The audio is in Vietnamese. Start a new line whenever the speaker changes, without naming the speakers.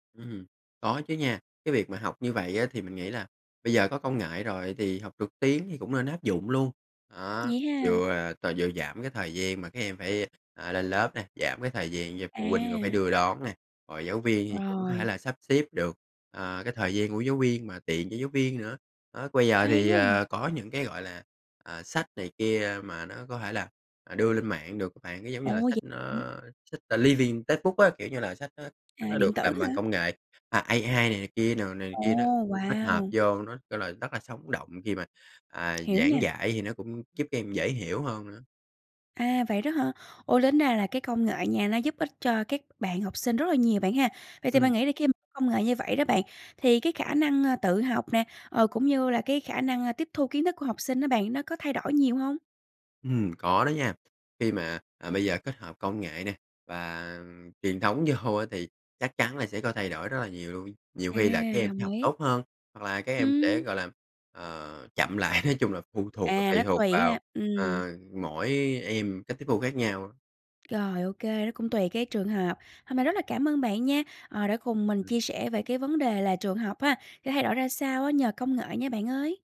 Ưm hưm, có chứ nha. Cái việc mà học như vậy á, thì mình nghĩ là bây giờ có công nghệ rồi thì học trực tuyến thì cũng nên áp dụng luôn. Đó,
Vậy ha.
vừa là t vừa giảm cái thời gian mà các em phải, ờ, lên lớp nè, giảm cái thời gian cho phụ huynh coi phải
À.
đưa đón nè, rồi giáo viên thì cũng có thể
Rồi.
là sắp xếp được, à, cái thời gian của giáo viên mà tiện cho giáo viên nữa. Đó, bây giờ
Hay
thì,
quá à.
ờ, có những cái, gọi là, à, sách này kia mà nó có thể là, à, đưa lên mạng được á bạn. Nó giống như
Ồ,
là sách,
vậy hả?
ơ, sách, ờ, living textbook á, kiểu như là sách nó
À,
sách nó được
điện tử
làm bằng
hả?
công nghệ, à, AI này này kia n này này
Ồ.
kia đó, tích hợp
Wow!
vô, nó kêu là rất là sống động, khi mà, à,
Hiểu
giảng
nha.
dạy thì nó cũng giúp em dễ hiểu hơn nữa.
À, vậy đó hả? Ô, tính ra là cái công nghệ nha, nó giúp ích cho các bạn học sinh rất là nhiều, bạn ha. Vậy thì
Ừm.
bạn nghĩ là khi công nghệ như vậy đó bạn, thì cái khả năng, ơ, tự học nè, ờ, cũng như là cái khả năng, ơ, tiếp thu kiến thức của học sinh đó bạn, nó có thay đổi nhiều hông?
Ừm, có đó nha. Khi mà, à, bây giờ kết hợp công nghệ nè và truyền thống vô á, thì chắc chắn là sẽ có thay đổi rất là nhiều luôn. Nhiều
À,
khi là các em sẽ
đồng
học
ý.
tốt hơn, hoặc là các em sẽ,
Ừm.
gọi là, ờ, chậm lại, nói chung là phụ thuộc và
À,
tùy
nó
thuộc
tùy
vào,
ha. Ừm.
ờ, mỗi em cách tiếp thu khác nhau.
Rồi, OK, nó cũng tùy cái trường hợp. Hôm nay rất là cảm ơn bạn nha, ờ, đã cùng mình
Ừm.
chia sẻ về cái vấn đề là trường học ha, sẽ thay đổi ra sao á, nhờ công nghệ nha, bạn ơi.